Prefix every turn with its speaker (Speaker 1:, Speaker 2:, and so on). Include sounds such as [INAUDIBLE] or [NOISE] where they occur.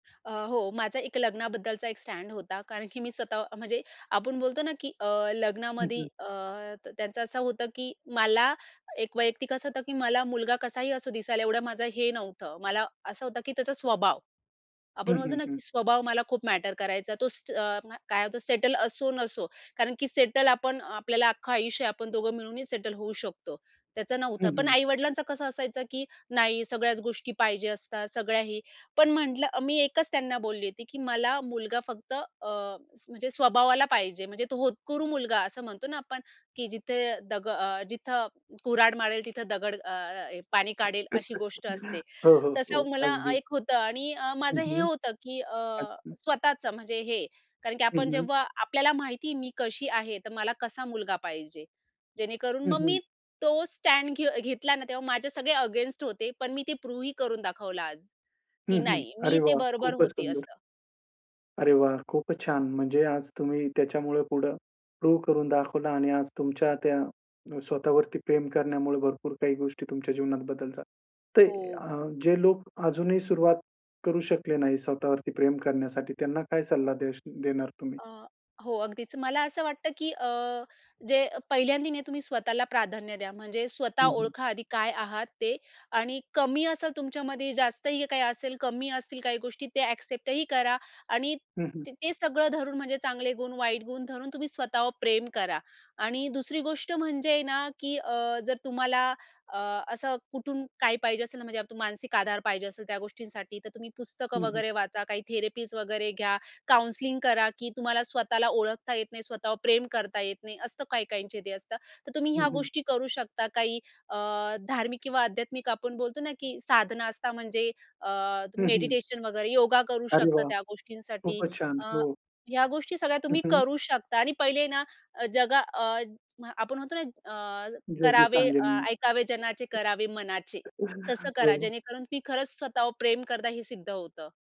Speaker 1: अ, हो माझा एक लग्नाबद्दलचा एक स्टॅन्ड होता कारण की मी स्वतः म्हणजे आपण बोलतो ना की अ,
Speaker 2: हं,
Speaker 1: लग्नामध्ये
Speaker 2: हं.
Speaker 1: अ, त्य त्यांचं असं होतं की मला एक वैयक्तिक असं होतं की मला मुलगा कसाही असो दिसायला एवढं माझं हे नव्हतं. मला असं होतं की त्याचा स्वभाव.
Speaker 2: हं,
Speaker 1: आपण म्हणतो
Speaker 2: हं,
Speaker 1: ना
Speaker 2: हं.
Speaker 1: की स्वभाव मला खूप मॅटर करायचा. तो स अ, काय होतं सेटल असो नसो. कारण की सेटल आपण अ, आपल्याला अख्खं आयुष्य आहे आपण दोघं मिळूनही सेटल होऊ शकतो. त्याचं
Speaker 2: हं,
Speaker 1: नव्हतं. पण
Speaker 2: हं.
Speaker 1: आई-वडिलांचं कसं असायचं की नाही सगळ्याच गोष्टी पाहिजे असतात सगळ्या हे. पण म्हटलं अ मी एकच त्यांना बोलली होती की मला मुलगा फक्त अ, स म्हणजे स्वभावाला पाहिजे म्हणजे तो होतकुरू मुलगा असं म्हणतो ना आपण की "जिथे दग अ, जिथं कुर्हाड मारेल तिथं दगड अ, अ, हे पाणी काढेल," अशी गोष्ट असते.
Speaker 2: [CHUCKLES] हो, हो, हो,
Speaker 1: तसं मला
Speaker 2: अगदी.
Speaker 1: एक होतं आणि अ,
Speaker 2: हं,
Speaker 1: माझं हे
Speaker 2: हं.
Speaker 1: होतं की अ,
Speaker 2: अच्छा.
Speaker 1: स्वतःचं म्हणजे हे कारण की आपण
Speaker 2: हं, हं.
Speaker 1: जेव्हा आपल्याला माहिती मी कशी आहे तर मला कसा मुलगा पाहिजे. जेणेकरून
Speaker 2: हं,
Speaker 1: मग मी
Speaker 2: हं.
Speaker 1: तो स्टॅड घे घेतला ना तेव्हा माझे सगळे अगेन्स्ट होते पण मी ते प्रूव्हही करून दाखवलं आज
Speaker 2: हं,
Speaker 1: की
Speaker 2: हं.
Speaker 1: नाही मी
Speaker 2: अरे
Speaker 1: ते
Speaker 2: वाह!
Speaker 1: बरोबर
Speaker 2: खूपच
Speaker 1: होती
Speaker 2: सुंदर.
Speaker 1: असं.
Speaker 2: अरे वाह! खूपच छान म्हणजे आज तुम्ही त्याच्यामुळं पुढं प्रूव्ह करून दाखवलं आणि आज तुमच्या त्या अ, स्वतःवरती प्रेम करण्यामुळे भरपूर काही गोष्टी तुमच्या जीवनात बदल झा ते
Speaker 1: हो.
Speaker 2: अ, जे लोक अजूनही सुरुवात करू शकले नाही स्वतःवरती प्रेम करण्यासाठी, त्यांना काय सल्ला देश देणार तुम्ही?
Speaker 1: अ, हो अगदीच. मला असं वाटतं की अ, जे अ, पहिल्यांदी नाही तुम्ही स्वतःला प्राधान्य द्या म्हणजे स्वतः
Speaker 2: हं, हं.
Speaker 1: ओळखा आधी काय आहात ते आणि कमी असेल तुमच्यामध्ये, जास्त ही काही असेल, कमी असतील काही गोष्टी ते एक्सेप्टही करा आणि
Speaker 2: हं, हं.
Speaker 1: त ते सगळं धरून म्हणजे चांगले गुण, वाईट गुण धरून तुम्ही स्वतःवर प्रेम करा. आणि दुसरी गोष्ट म्हणजे ना की अ, जर तुम्हाला अ, असं कुठून काय पाहिजे असेल ना म्हणजे अप तू मानसिक आधार पाहिजे असेल त्या गोष्टींसाठी तर तुम्ही पुस्तकं
Speaker 2: हं, हं.
Speaker 1: वगैरे वाचा, काही थेरपीज वगैरे घ्या, काउन्सलिंग करा, की तुम्हाला स्वतःला ओळखता येत नाही, स्वतःवर प्रेम करता येत नाही. असतं काही-काहींचे ते असतं. तर तुम्ही
Speaker 2: हं,
Speaker 1: ह्या
Speaker 2: हं.
Speaker 1: गोष्टी करू शकता. काही अ, धार्मिक किंवा आध्यात्मिक आपण बोलतो ना की साधना असतात म्हणजे अ, त
Speaker 2: हं, हं.
Speaker 1: मेडिटेशन वगैरे योगा करू
Speaker 2: अरे
Speaker 1: शकता
Speaker 2: वाह!
Speaker 1: त्या गोष्टींसाठी
Speaker 2: खूपच छान,
Speaker 1: अ,
Speaker 2: हो.
Speaker 1: ह्या गोष्टी सगळ्या
Speaker 2: हं,
Speaker 1: तुम्ही
Speaker 2: हं.
Speaker 1: करू शकता आणि पहिले ना जगा अ, आपण म्हणतो ना अ,
Speaker 2: जगही
Speaker 1: करावे
Speaker 2: सांगेल.
Speaker 1: "ऐकावे जनाचे करावे मनाचे" तसं
Speaker 2: [CHUCKLES] हो.
Speaker 1: करा जेणेकरून की खरंच स्वतःवर प्रेम करता हे सिद्ध होतं.